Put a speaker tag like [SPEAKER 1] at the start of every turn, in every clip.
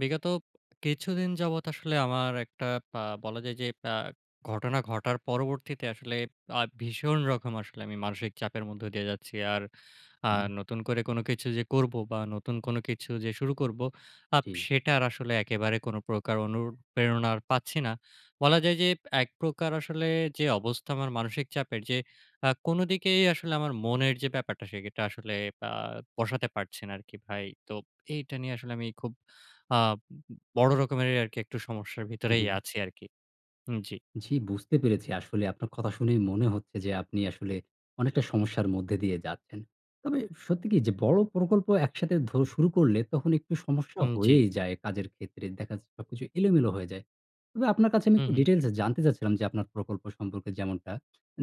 [SPEAKER 1] বিগত কিছুদিন যাবৎ আসলে আমার একটা ব্যা বলা যায় যে, ব্যা ঘটনা ঘটার পরবর্তীতে আসলে আ ভীষণ রকম আসলে আমি মানসিক চাপের মধ্যে দিয়ে যাচ্ছি। আর আ
[SPEAKER 2] উ হুম।
[SPEAKER 1] নতুন করে কোনো কিছু যে করব, বা নতুন কোনো কিছু যে, শুরু করব, আপ
[SPEAKER 2] জি।
[SPEAKER 1] সেটার আসলে একেবারে কোনো প্রকার অনুপ্রেরণা পাচ্ছি না। বলা যায় যে এক প্রকার আসলে যে অবস্থা আমার মানসিক চাপের। যে আ কোনো দিকেই আসলে আমার মনের যে ব্যাপারটা, সেটা আসলে ব্যা বসাতে পারছে না আরকি ভাই। তো এইটা নিয়ে আসলে আমি খুব অ্যা উ বড় রকমেরই আরকি একটু সমস্যার
[SPEAKER 2] হুম,
[SPEAKER 1] ভিতরেই
[SPEAKER 2] হুম।
[SPEAKER 1] আছি আরকি। উ জি।
[SPEAKER 2] জি, বুঝতে পেরেছি। আসলে আপনার কথা শুনেই মনে হচ্ছে যে, আপনি আসলে, অনেকটা সমস্যার মধ্যে দিয়ে যাচ্ছেন। তবে সত্যি কি? যে বড় প্রকল্প একসাথে ধ শুরু করলে, তখন একটু সমস্যা
[SPEAKER 1] উম জি।
[SPEAKER 2] হয়েই যায় কাজের ক্ষেত্রে। দেখা যায় সবকিছু এলোমেলো হয়ে যায়। তবে আপনার কাছে আমি
[SPEAKER 1] হুম,
[SPEAKER 2] একটু
[SPEAKER 1] হুম।
[SPEAKER 2] ডিটেইলস এ জানতে চাচ্ছিলাম। যে আপনার প্রকল্প সম্পর্কে যেমনটা,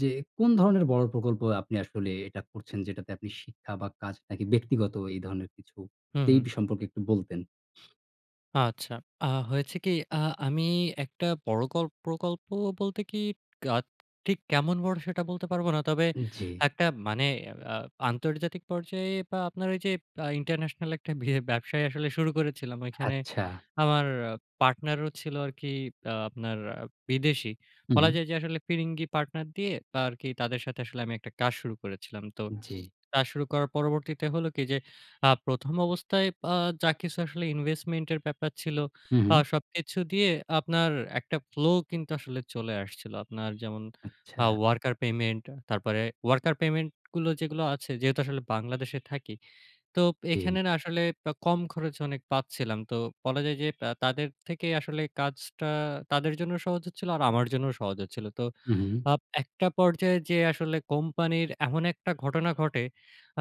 [SPEAKER 2] যে কোন ধরনের বড় প্রকল্প আপনি আসলে এটা করছেন? যেটাতে আপনি শিক্ষা, বা কাজ নাকি, ব্যক্তিগত এই ধরনের কিছু?
[SPEAKER 1] হুম,
[SPEAKER 2] এই
[SPEAKER 1] হুম।
[SPEAKER 2] বি সম্পর্কে একটু বলতেন।
[SPEAKER 1] আচ্ছা। আ হয়েছে কি? আ আমি একটা পরকল্প প্রকল্প বলতে কি কাক ঠিক কেমন বড় সেটা বলতে পারবো না। তবে
[SPEAKER 2] জ্বী।
[SPEAKER 1] একটা মানে আ আন্তর্জাতিক পর্যায়ে বা আপনার ওই যে, আ international একটা বি ব্যবসায় আসলে শুরু করেছিলাম। ওইখানে
[SPEAKER 2] আচ্ছা।
[SPEAKER 1] আমার partner ও ছিল আরকি আ আপনার বিদেশী।
[SPEAKER 2] হুম,
[SPEAKER 1] বলা
[SPEAKER 2] হুম।
[SPEAKER 1] যায় যে, আসলে ফিরিঙ্গি partner দিয়ে আরকি তাদের সাথে আসলে আমি একটা কাজ শুরু করেছিলাম। তো
[SPEAKER 2] জ্বী।
[SPEAKER 1] কাজ শুরু করার পরবর্তীতে হলো কি যে, আ ১ম অবস্থায় আ যা কিছু আসলে investment এর ব্যাপার ছিল
[SPEAKER 2] হুম,
[SPEAKER 1] আ
[SPEAKER 2] হুম।
[SPEAKER 1] সবকিছু দিয়ে আপনার একটা flow কিন্তু আসলে চলে আসছিল। আপনার যেমন আ
[SPEAKER 2] আচ্ছা।
[SPEAKER 1] worker payment তারপরে worker payment গুলো যেগুলো আছে যেহেতু আসলে বাংলাদেশে থাকি। তো
[SPEAKER 2] জ্বী।
[SPEAKER 1] এখানে না আসলে বা কম খরচ অনেক পাচ্ছিলাম। তো বলা যায় যে, আ তাদের থেকে আসলে কাজটা তাদের জন্যও সহজ হচ্ছিল আর আমার জন্যও সহজ হচ্ছিল। তো
[SPEAKER 2] হুম, হুম।
[SPEAKER 1] আপ একটা পর্যায়ে যেয়ে আসলে কোম্পানির এমন একটা ঘটনা ঘটে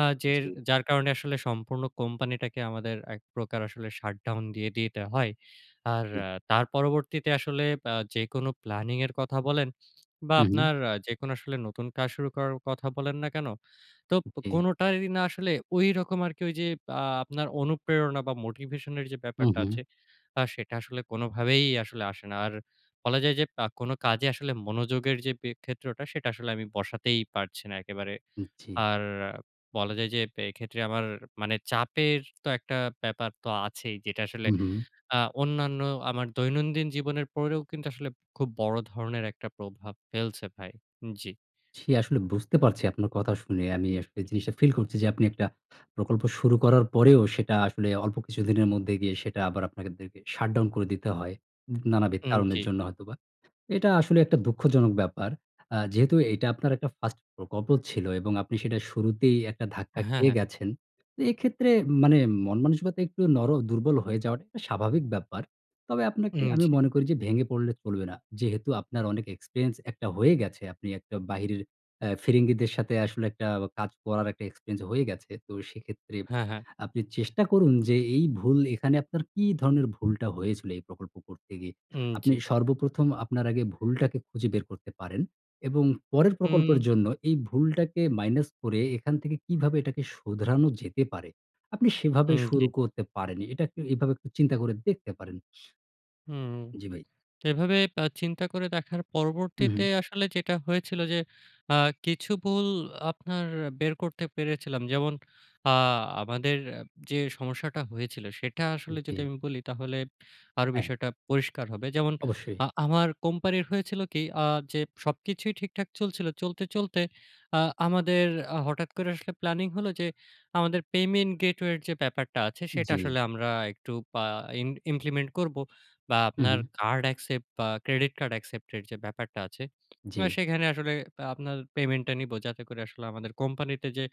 [SPEAKER 1] আ যে,
[SPEAKER 2] জ্বী।
[SPEAKER 1] যার কারণে আসলে সম্পূর্ণ company টা কে আমাদের এক প্রকার আসলে shut down দিয়ে দিতে হয়। আর
[SPEAKER 2] জ্বী।
[SPEAKER 1] তার পরবর্তীতে আসলে আ যেকোনো planning এর কথা বলেন বা
[SPEAKER 2] হুম, হুম।
[SPEAKER 1] আপনার আ যেকোনো আসলে নতুন কাজ শুরু করার কথা বলেন না কেন, তো
[SPEAKER 2] জ্বী।
[SPEAKER 1] কোনটারি না আসলে ঐরকম আরকি ওইযে আ আপনার অনুপ্রেরণা বা motivation এর যে,
[SPEAKER 2] হুম,
[SPEAKER 1] ব্যাপারটা
[SPEAKER 2] হুম।
[SPEAKER 1] আছে, আ সেটা আসলে কোনভাবেই আসলে আসে না। আর বলা যায় যে, আ কোন কাজে আসলে মনোযোগের যে, ক্ষেত্রওটা সেটা আসলে আমি বসাতেই পারছি না একেবারে।
[SPEAKER 2] জ্বী।
[SPEAKER 1] আর বলা যায় যে, এক্ষেত্রে আমার মানে চাপের তো একটা ব্যাপার তো আছেই। যেটা আসলে
[SPEAKER 2] হুম, হুম।
[SPEAKER 1] আ অন্যান্য আমার দৈনন্দিন জীবনের পরেও কিন্তু আসলে খুব বড় ধরনের একটা প্রভাব ফেলছে ভাই। জ্বী।
[SPEAKER 2] জ্বী, আসলে বুঝতে পারছি আপনার কথা শুনে আমি আসলে জিনিসটা feel করছি যে, আপনি একটা প্রকল্প শুরু করার পরেও সেটা আসলে অল্প কিছুদিনের মধ্যে গিয়ে সেটা আবার আপনাদেরকে shut down করে দিতে হয়। নানাবিধ
[SPEAKER 1] উম
[SPEAKER 2] কারণের
[SPEAKER 1] জ্বী।
[SPEAKER 2] জন্য হয়তোবা। এটা আসলে একটা দুঃখজনক ব্যাপার। আ যেহেতু এটা আপনার একটা first প্রকল্প ছিল এবং আপনি সেটা শুরুতেই একটা ধাক্কা
[SPEAKER 1] হ্যাঁ, হ্যাঁ।
[SPEAKER 2] খেয়ে গেছেন। তো এক্ষেত্রে মানে মনমানসিকতা একটু নর দুর্বল হয়ে যাওয়াটা স্বাভাবিক ব্যাপার। তবে আপনাকে
[SPEAKER 1] উম
[SPEAKER 2] আমি
[SPEAKER 1] জ্বী।
[SPEAKER 2] মনে করি যে, ভেঙে পড়লে চলবে না। যেহেতু আপনার অনেক experience একটা হয়ে গেছে। আপনি একটা বাহিরের এ ফিরিঙ্গিদের সাথে আসলে একটা কাজ করার একটা experience হয়ে গেছে। তো সেক্ষেত্রে
[SPEAKER 1] হ্যাঁ, হ্যাঁ।
[SPEAKER 2] আপনি চেষ্টা করুন যে, এই ভুল এখানে আপনার কী ধরনের ভুলটা হয়েছিল এই প্রকল্প করতে গিয়ে?
[SPEAKER 1] উম
[SPEAKER 2] আপনি
[SPEAKER 1] জ্বী।
[SPEAKER 2] সর্বপ্রথম আপনার আগে ভুলটাকে খুঁজে বের করতে পারেন এবং পরের প্রকল্পের
[SPEAKER 1] হুম।
[SPEAKER 2] জন্য এই ভুলটাকে minus করে এখান থেকে কীভাবে এটাকে শুধরানো যেতে পারে? আপনি সেভাবে
[SPEAKER 1] উম জ্বী।
[SPEAKER 2] শুরু করতে পারেন। এটাকে এভাবে একটু চিন্তা করে দেখতে পারেন।
[SPEAKER 1] হুম।
[SPEAKER 2] জ্বী ভাই।
[SPEAKER 1] তো এভাবে বা চিন্তা করে দেখার
[SPEAKER 2] হুম, হুম।
[SPEAKER 1] পরবর্তীতে আসলে যেটা হয়েছিল যে, আ কিছু ভুল আপনার বের করতে পেরেছিলাম। যেমন আ আমাদের যে, সমস্যাটা হয়েছিল সেটা আসলে যদি
[SPEAKER 2] জ্বী।
[SPEAKER 1] আমি বলি তাহলে আরো
[SPEAKER 2] হ্যাঁ।
[SPEAKER 1] বিষয়টা পরিষ্কার হবে। যেমন
[SPEAKER 2] অবশ্যই।
[SPEAKER 1] আ আমার company এর হয়েছিল কি আ যে, সবকিছুই ঠিকঠাক চলছিল। চলতে, চলতে আ আমাদের আ হঠাৎ করে আসলে planning হলো যে, আমাদের payment gateway এর যে, ব্যাপারটা আছে সেটা
[SPEAKER 2] জ্বী।
[SPEAKER 1] আসলে আমরা একটু পা ইন implement করব বা
[SPEAKER 2] হুম,
[SPEAKER 1] আপনার
[SPEAKER 2] হুম।
[SPEAKER 1] card accept বা Credit card accept এর যে, ব্যাপারটা আছে।
[SPEAKER 2] জ্বী।
[SPEAKER 1] সেখানে আসলে আপনার payment টা নিবো যাতে করে আসলে আমাদের company তে যে,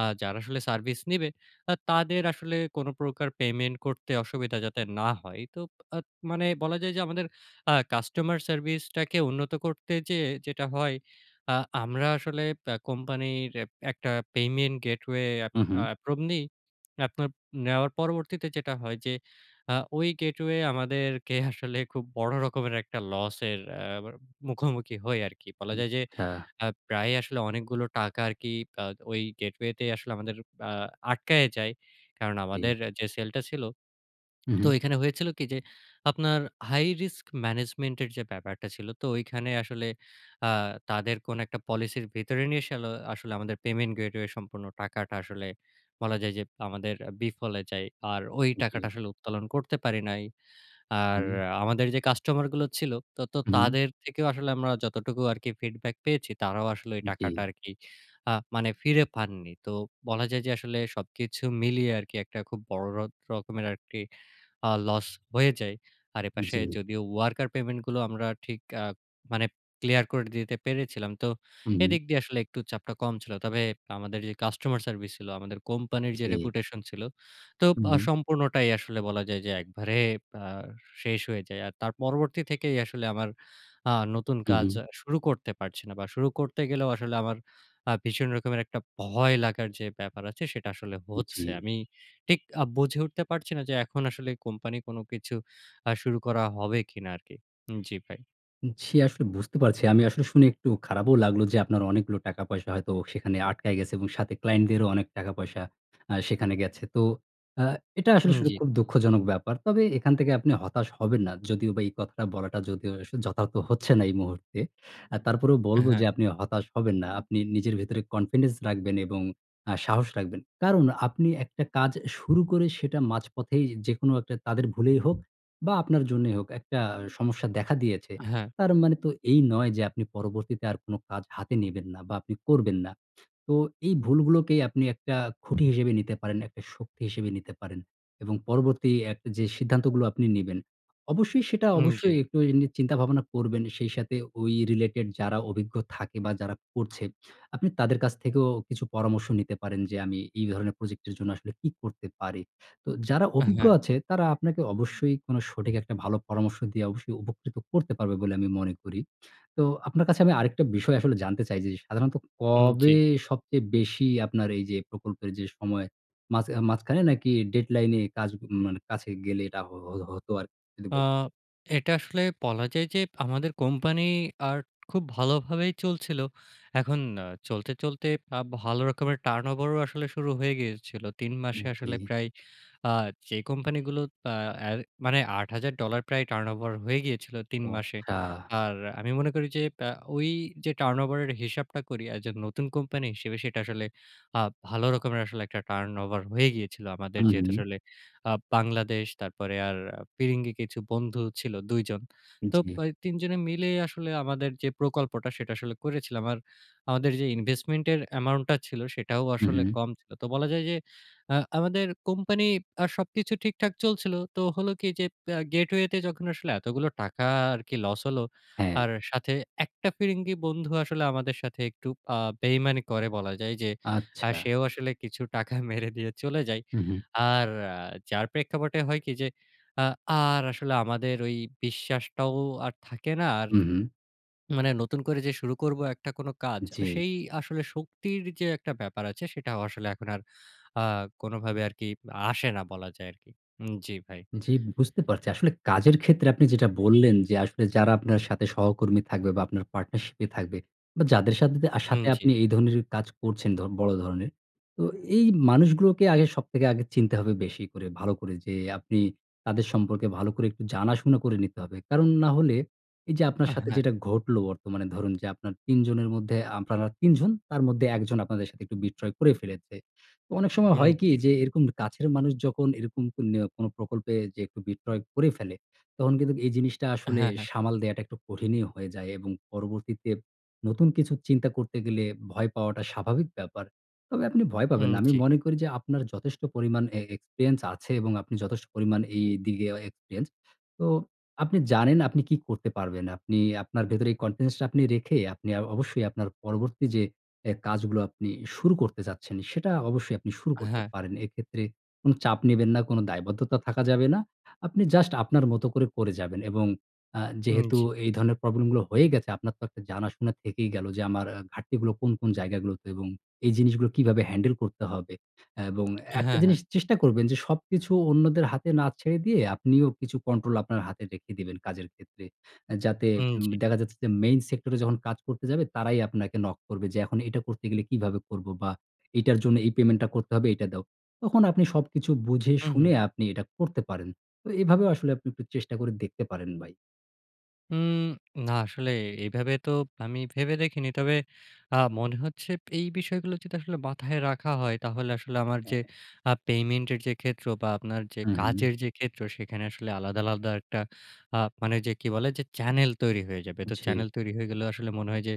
[SPEAKER 1] আ যারা আসলে service নিবে তা তাদের আসলে কোন প্রকার payment করতে অসুবিধা যাতে না হয়। এই তো আ মানে বলা যায় যে, আমাদের আ customer service টাকে উন্নত করতে যেয়ে যেটা হয় আ আমরা আসলে অ্যা company এর একটা payment gateway এ
[SPEAKER 2] হুম, হুম।
[SPEAKER 1] approve নি। আপনার নেওয়ার পরবর্তীতে যেটা হয় যে, আ ওই gateway আমাদেরকে আসলে খুব বড় রকমের একটা loss এর অ্যা মুখোমুখি হই আরকি। বলা যায় যে,
[SPEAKER 2] আচ্ছা।
[SPEAKER 1] আ প্রায়ই আসলে অনেকগুলো টাকা আরকি আ ওই gateway তেই আসলে আমাদের আ আটকায়ে যায় কারণ
[SPEAKER 2] জ্বী।
[SPEAKER 1] আমাদের যে, sell টা ছিল
[SPEAKER 2] হুম,
[SPEAKER 1] তো
[SPEAKER 2] হুম।
[SPEAKER 1] এখানে হয়েছিল কি? যে, আপনার high risk management এর যে, ব্যাপারটা ছিল তো ঐখানে আসলে আ তাদের কোন একটা policy এর ভিতরে নিয়ে সলে আসলে আমাদের payment gateway এর সম্পূর্ণ টাকাটা আসলে বলা যায় যে, আমাদের বিফলে যায়। আর ওই
[SPEAKER 2] জ্বী।
[SPEAKER 1] টাকাটা আসলে উত্তোলন করতে পারি নাই। আর
[SPEAKER 2] হুম।
[SPEAKER 1] আমাদের যে, কাস্টমার গুলো ছিল তো
[SPEAKER 2] হুম, হুম।
[SPEAKER 1] তাদের থেকেও আসলে আমরা যতটুকু আরকি feedback পেয়েছি তারাও আসলে ওই টাকাটা
[SPEAKER 2] জ্বী।
[SPEAKER 1] আরকি আ মানে ফিরে পাননি। তো বলা যায় যে, আসলে সবকিছু মিলিয়ে আরকি একটা খুব বড় র রকমের আরকি আ loss হয়ে যায়। আর এপাশে
[SPEAKER 2] জ্বী।
[SPEAKER 1] যদিও worker payment গুলো আমরা ঠিক আ মানে clear করে দিতে পেরেছিলাম। তো
[SPEAKER 2] হুম, হুম।
[SPEAKER 1] এদিক দিয়ে আসলে একটু চাপটা কম ছিল। তবে আমাদের যে, customer service ছিল, আমাদের কোম্পানির যে,
[SPEAKER 2] জ্বী।
[SPEAKER 1] reputation ছিল তো
[SPEAKER 2] হুম,
[SPEAKER 1] আ
[SPEAKER 2] হুম।
[SPEAKER 1] সম্পূর্ণটাই আসলে বলা যায় যে, একবারে আ শেষ হয়ে যায়। আর তার পরবর্তী থেকেই আসলে আমার আ নতুন
[SPEAKER 2] হুম,
[SPEAKER 1] কাজ
[SPEAKER 2] হুম।
[SPEAKER 1] শুরু করতে পারছি না বা শুরু করতে গেলেও আসলে আমার আ ভীষণ রকমের একটা ভয় লাগার যে, ব্যাপার আছে সেটা আসলে হচ্ছে।
[SPEAKER 2] জ্বী।
[SPEAKER 1] আমি ঠিক আ বুঝে উঠতে পারছি না যে, এখন আসলে company কোন কিছু আ শুরু করা হবে কিনা আরকি। জ্বী ভাই।
[SPEAKER 2] জ্বী, আসলে বুঝতে পারছি। আমি আসলে শুনে একটু খারাপও লাগলো। যে, আপনার অনেকগুলো টাকা পয়সা হয়তো সেখানে আটকায় গেছে এবং সাথে ক্লায়েন্ট দেরও অনেক টাকা পয়সা আ সেখানে গেছে। তো আ এটা আসলে
[SPEAKER 1] উম
[SPEAKER 2] স
[SPEAKER 1] জ্বী।
[SPEAKER 2] খুব দুঃখজনক ব্যাপার। তবে এখান থেকে আপনি হতাশ হবেন না। যদিও বা এই কথাটা বলাটা যদিও যথার্থ হচ্ছে না এই মুহূর্তে। আ তারপরেও বলব
[SPEAKER 1] হ্যাঁ।
[SPEAKER 2] যে, আপনি হতাশ হবেন না। আপনি নিজের ভেতরে কনফিডেন্স রাখবেন এবং আ সাহস রাখবেন। কারণ আপনি একটা কাজ শুরু করে, সেটা মাঝপথেই যেকোনো একটা তাদের ভুলেই হোক বা আপনার জন্যই হোক একটা সমস্যা দেখা দিয়েছে।
[SPEAKER 1] হ্যাঁ।
[SPEAKER 2] তার মানে তো এই নয় যে, আপনি পরবর্তীতে আর কোনো কাজ হাতে নিবেন না, বা আপনি করবেন না। তো এই ভুলগুলোকেই আপনি একটা খুঁটি হিসেবে নিতে পারেন, একটা শক্তি হিসেবে নিতে পারেন। এবং পরবর্তী একটা যে সিদ্ধান্তগুলো আপনি নিবেন। অবশ্যই, সেটা
[SPEAKER 1] উম জ্বী।
[SPEAKER 2] অবশ্যই একটু এ নিয়ে চিন্তা ভাবনা করবেন। সেই সাথে ওই রিলেটেড যারা অভিজ্ঞ থাকে বা যারা করছে। আপনি তাদের কাছ থেকেও কিছু পরামর্শ নিতে পারেন। যে, "আমি এই ধরনের প্রজেক্টের জন্য আসলে কী করতে পারি?" তো যারা অভিজ্ঞ
[SPEAKER 1] হ্যাঁ।
[SPEAKER 2] আছে তারা আপনাকে অবশ্যই কোনো সঠিক একটা ভালো পরামর্শ দিয়ে, অবশ্যই উপকৃত করতে পারবে বলে আমি মনে করি। তো আপনার কাছে আমি আরেকটা বিষয় আসলে জানতে চাই যে, সাধারণত
[SPEAKER 1] উম জ্বী।
[SPEAKER 2] কবে সবচেয়ে বেশি আপনার এই যে প্রকল্পের যে, সময়। মাঝ মাঝখানে নাকি ডেডলাইন এ কাজ মানে কাছে গেলে, এটা হো হ হতো আরকি যদি
[SPEAKER 1] আ
[SPEAKER 2] বলতেন?
[SPEAKER 1] এটা আসলে বলা যায় যে, আমাদের কোম্পানি আর খুব ভালোভাবেই চলছিল। এখন আ চলতে, চলতে আ ভালো রকমের টার্নওভারও আসলে শুরু হয়ে গিয়েছিলো, ৩ মাসে
[SPEAKER 2] উগ
[SPEAKER 1] আসলে
[SPEAKER 2] জী।
[SPEAKER 1] প্রায়, আ যে কোম্পানিগুলো আ এ মানে $৮,০০০ প্রায় টার্নওভার হয়ে গিয়েছিলো ৩
[SPEAKER 2] ও
[SPEAKER 1] মাসে।
[SPEAKER 2] আচ্ছা!
[SPEAKER 1] আর আমি মনে করি যে, প্যাঁ ওই যে টার্নওভারের হিসাবটা করি এজ এ নতুন কোম্পানি হিসেবে সেটা আসলে। আ ভালো রকমের আসলে একটা টার্নওভার হয়ে গিয়েছিল। আমাদের
[SPEAKER 2] হু,
[SPEAKER 1] যেহেতু
[SPEAKER 2] হু।
[SPEAKER 1] আসলে আ বাংলাদেশ তারপরে আর ফিরিঙ্গি কিছু বন্ধু ছিল ২ জন। তো
[SPEAKER 2] জ্বী।
[SPEAKER 1] প্যাঁ ৩ জনে মিলেই আসলে আমাদের যে, প্রকল্পটা সেটা আসলে করেছিলাম। আর আমাদের যে, ইনভেস্টমেন্ট এর অ্যামাউন্ট টা ছিল সেটাও
[SPEAKER 2] হু,
[SPEAKER 1] আসলে
[SPEAKER 2] হু।
[SPEAKER 1] কম ছিল। তো বলা যায় যে, আ আমাদের কোম্পানি আর সবকিছু ঠিকঠাক চলছিল। তো হলো কি? যে, প আ গেটওয়ে তে যখন আসলে এতগুলো টাকা আরকি লস হলো।
[SPEAKER 2] হ্যাঁ।
[SPEAKER 1] আর সাথে একটা ফিরিঙ্গি বন্ধু আসলে আমাদের সাথে একটু আ বেইমানি করে বলা যায় যে, আ
[SPEAKER 2] আচ্ছা।
[SPEAKER 1] সেও আসলে কিছু টাকা মেরে দিয়ে চলে যায়।
[SPEAKER 2] হু, হু।
[SPEAKER 1] আর আ যার প্রেক্ষাপটে হয় কি? যে, আ আর আসলে আমাদের ওই বিশ্বাসটাও আর থাকে না। আর
[SPEAKER 2] হু, হু।
[SPEAKER 1] মানে নতুন করে যে শুরু করবো একটা কোনো কাজ।
[SPEAKER 2] জী।
[SPEAKER 1] সেই আসলে শক্তির যে একটা ব্যাপার আছে সেটাও আসলে এখন আর আ কোনো ভাবে আরকি আসে না বলা যায় আরকি। উম জ্বি ভাই।
[SPEAKER 2] জ্বি, বুঝতে পারছি। আসলে কাজের ক্ষেত্রে আপনি যেটা বললেন যে, আসলে যারা আপনার সাথে সহকর্মী থাকবে, বা আপনার পার্টনারশিপ এ থাকবে, বা যাদের সাথে
[SPEAKER 1] উম
[SPEAKER 2] সাথে
[SPEAKER 1] জ্বী।
[SPEAKER 2] আপনি এই ধরনের কাজ করছেন ধ বড় ধরনের। তো এই মানুষগুলোকে আগে সবথেকে আগে চিনতে হবে বেশি করে, ভালো করে যে, আপনি তাদের সম্পর্কে ভালো করে একটু জানাশোনা করে নিতে হবে। কারণ না হলে এই যে, আপনার
[SPEAKER 1] আ
[SPEAKER 2] সাথে
[SPEAKER 1] হ্যাঁ।
[SPEAKER 2] যেটা ঘটল বর্তমানে ধরুন যে, আপনার ৩ জনের মধ্যে, আপনারা ৩ জন তার মধ্যে ১ জন আপনাদের সাথে একটু বিট্রে করে ফেলেছে। তো অনেক সময়
[SPEAKER 1] উম
[SPEAKER 2] হয় কি?
[SPEAKER 1] জ্বী।
[SPEAKER 2] যে, এরকম কাছের মানুষ যখন এরকম ক নে কোনো প্রকল্পে যে, একটু বিট্রে করে ফেলে, তখন কিন্তু এই জিনিসটা আসলে
[SPEAKER 1] হ্যাঁ, হ্যাঁ।
[SPEAKER 2] সামাল দেয়াটা একটু কঠিনই হয়ে যায় এবং পরবর্তীতে নতুন কিছু চিন্তা করতে গেলে, ভয় পাওয়াটা স্বাভাবিক ব্যাপার। তবে আপনি ভয় পাবেন
[SPEAKER 1] উম
[SPEAKER 2] না। আমি
[SPEAKER 1] জ্বী।
[SPEAKER 2] মনে করি যে, আপনার যথেষ্ট পরিমাণ এ এক্সপেরিয়েন্স আছে এবং আপনি যথেষ্ট পরিমাণ এইদিকে এক্সপেরিয়েন্স। তো আপনি জানেন আপনি কি করতে পারবেন? আপনি আপনার ভেতরে কনফিডেন্স টা আপনি রেখে, আপনি অবশ্যই আপনার পরবর্তী যে, অ্যা কাজগুলো আপনি শুরু করতে চাচ্ছেন, সেটা অবশ্যই আপনি শুরু করতে
[SPEAKER 1] হ্যাঁ।
[SPEAKER 2] পারেন। এক্ষেত্রে কোনো চাপ নিবেন না, কোনো দায়বদ্ধতা থাকা যাবে না। আপনি জাস্ট আপনার মত করে, করে যাবেন। এবং আ
[SPEAKER 1] হুম,
[SPEAKER 2] যেহেতু
[SPEAKER 1] জী।
[SPEAKER 2] এই ধরনের প্রবলেম গুলো হয়ে গেছে আপনার তো একটা জানাশুনা থেকেই গেলো। যে, আমার ঘাটতিগুলো কোন, কোন জায়গাগুলোতে? এবং এই জিনিস গুলো কীভাবে হ্যান্ডেল করতে হবে? এবং একটা
[SPEAKER 1] হ্যাঁ, হ্যাঁ।
[SPEAKER 2] জিনিস চেষ্টা করবেন। যে, সবকিছু অন্যদের হাতে না ছেড়ে দিয়ে আপনিও কিছু কন্ট্রোল আপনার হাতে রেখে দিবেন, কাজের ক্ষেত্রে। এ যাতে
[SPEAKER 1] উম
[SPEAKER 2] উম
[SPEAKER 1] জ্বী।
[SPEAKER 2] দেখা যাচ্ছে যে, মেইন সেক্টর এ যখন কাজ করতে যাবে তারাই আপনাকে নক করবে যে, "এখন এটা করতে গেলে কীভাবে করব?" বা, "এটার জন্য এই পেমেন্ট টা করতে হবে, এইটা দাও।" তখন আপনি সবকিছু বুঝে,
[SPEAKER 1] হুম,
[SPEAKER 2] শুনে
[SPEAKER 1] হুম।
[SPEAKER 2] আপনি এটা করতে পারেন। তো এভাবেও আসলে আপনি একটু চেষ্টা করে দেখতে পারেন, ভাই।
[SPEAKER 1] হুম, না আসলে এভাবে তো আমি ভেবে দেখিনি। তবে আ মনে হচ্ছে এই বিষয়গুলো যদি আসলে মাথায় রাখা হয়, তাহলে আসলে আমার
[SPEAKER 2] হ্যাঁ,
[SPEAKER 1] যে
[SPEAKER 2] হ্যাঁ।
[SPEAKER 1] আ পেমেন্টের যে ক্ষেত্র বা আপনার যে
[SPEAKER 2] হুম, হুম।
[SPEAKER 1] কাজের যে ক্ষেত্র, সেখানে আসলে আলাদা, আলাদা একটা আ মানে যে কি বলে? যে চ্যানেল তৈরি হয়ে যাবে। তো
[SPEAKER 2] জি।
[SPEAKER 1] চ্যানেল তৈরি হয়ে গেলেও আসলে মনে হয় যে,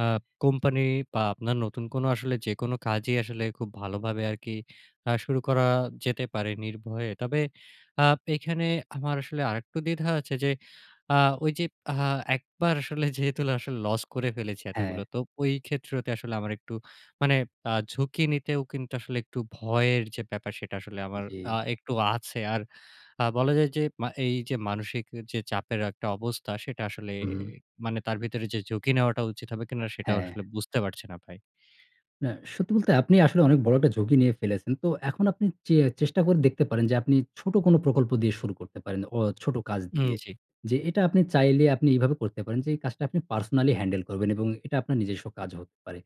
[SPEAKER 1] আ কোম্পানি বা আপনার নতুন কোনো আসলে যে কোনো কাজই আসলে খুব ভালোভাবে আরকি আ শুরু করা যেতে পারে নির্ভয়ে। তবে আ এখানে আমার আসলে আরেকটু দ্বিধা আছে যে আ ঐ যে আ একবার আসলে যেহেতু আসলে লস করে ফেলেছি এতগুলো,
[SPEAKER 2] হ্যাঁ।
[SPEAKER 1] তো ওই ক্ষেত্রতে আসলে আমার একটু মানে আ ঝুঁকি নিতেও কিন্তু, আসলে একটু ভয়ের যে ব্যাপার, সেটা আসলে আমার আ
[SPEAKER 2] জি।
[SPEAKER 1] একটু আছে। আর আ বলা যায় যে মা এইযে মানসিক যে চাপের একটা অবস্থা, সেটা আসলে
[SPEAKER 2] হুম।
[SPEAKER 1] মানে তার ভিতরে যে ঝুঁকি নেওয়াটা উচিত হবে কিনা? সেটা
[SPEAKER 2] হ্যাঁ।
[SPEAKER 1] আসলে বুঝতে পারছি না ভাই।
[SPEAKER 2] না, সত্যি বলতে আপনি আসলে অনেক বড় একটা ঝুঁকি নিয়ে ফেলেছেন। তো এখন আপনি চে চেষ্টা করে দেখতে পারেন যে, আপনি ছোট কোনো প্রকল্প দিয়ে শুরু করতে পারেন অ ছোট কাজ
[SPEAKER 1] উম
[SPEAKER 2] দিয়ে।
[SPEAKER 1] জি।
[SPEAKER 2] যে এটা আপনি চাইলে আপনি এভাবে করতে পারেন যে, এই কাজটা আপনি পার্সোনালি হ্যান্ডেল করবেন এবং এটা আপনার নিজস্ব কাজ হতে পারে।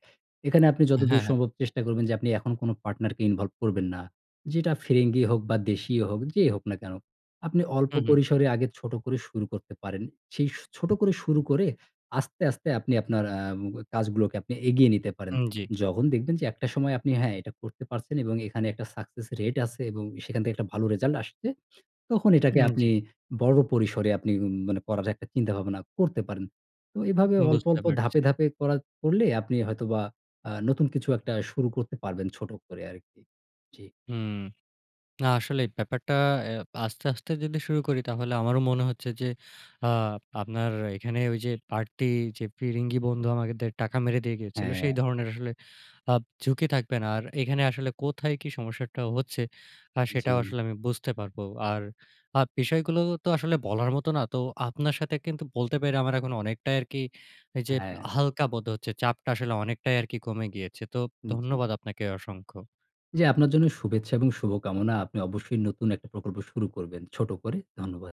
[SPEAKER 2] এখানে আপনি
[SPEAKER 1] হ্যাঁ,
[SPEAKER 2] যতদূর
[SPEAKER 1] হ্যাঁ।
[SPEAKER 2] সম্ভব চেষ্টা করবেন যে, আপনি এখন কোনো পার্টনার কে ইনভলভ করবেন না। যেটা ফিরিঙ্গি হোক বা দেশীই হোক। যেই হোক না কেনো? আপনি অল্প
[SPEAKER 1] হুম, হুম।
[SPEAKER 2] পরিসরে আগে ছোট করে শুরু করতে পারেন। সেই ছোট করে শুরু করে আস্তে, আস্তে আপনি আপনার আ কাজগুলোকে আপনি এগিয়ে নিতে পারেন।
[SPEAKER 1] হুম, জি।
[SPEAKER 2] যখন দেখবেন যে একটা সময় আপনি হ্যাঁ, এটা করতে পারছেন এবং এখানে একটা সাকসেস রেট আছে এবং সেখান থেকে একটা ভালো রেজাল্ট আসছে, তখন এটাকে
[SPEAKER 1] উম জি।
[SPEAKER 2] আপনি বড় পরিসরে আপনি মানে পড়ার একটা চিন্তা ভাবনা করতে পারেন। অ্যাঁ এভাবে অল্প,
[SPEAKER 1] বুঝতে
[SPEAKER 2] অল্প,
[SPEAKER 1] পারছি।
[SPEAKER 2] ধাপে, ধাপে করার করলে, আপনি হয়তোবা আ নতুন কিছু একটা শুরু করতে পারবেন, ছোট করে আরকি। জি।
[SPEAKER 1] হুম, না আসলে ব্যাপারটা অ্যা আস্তে, আস্তে যদি শুরু করি, তাহলে আমারও মনে হচ্ছে যে আ আপনার এখানে ঐযে বারতি যে ফিরিঙ্গি বন্ধু আমাদের টাকা মেরে দিয়ে গিয়েছিল, সেই
[SPEAKER 2] হ্যাঁ।
[SPEAKER 1] ধরনের আসলে আ ঝুঁকি থাকবে না। আর এখানে আসলে কোথায় কি সমস্যাটা হচ্ছে? আ সেটাও
[SPEAKER 2] জি।
[SPEAKER 1] আসলে আমি বুঝতে পারবো। আর আ বিষয়গুলো তো আসলে বলার মতো না। তো আপনার সাথে কিন্তু বলতে পেরে আমার এখন অনেকটাই আরকি, ঐযে
[SPEAKER 2] হ্যাঁ।
[SPEAKER 1] হালকা বোধ হচ্ছে। চাপটা আসলে অনেকটাই আরকি কমে গিয়েছে। তো
[SPEAKER 2] জি।
[SPEAKER 1] ধন্যবাদ আপনাকে অসংখ্য।
[SPEAKER 2] জি। আপনার জন্য শুভেচ্ছা এবং শুভকামনা। আপনি অবশ্যই নতুন একটা প্রকল্প শুরু করবেন, ছোট করে। ধন্যবাদ।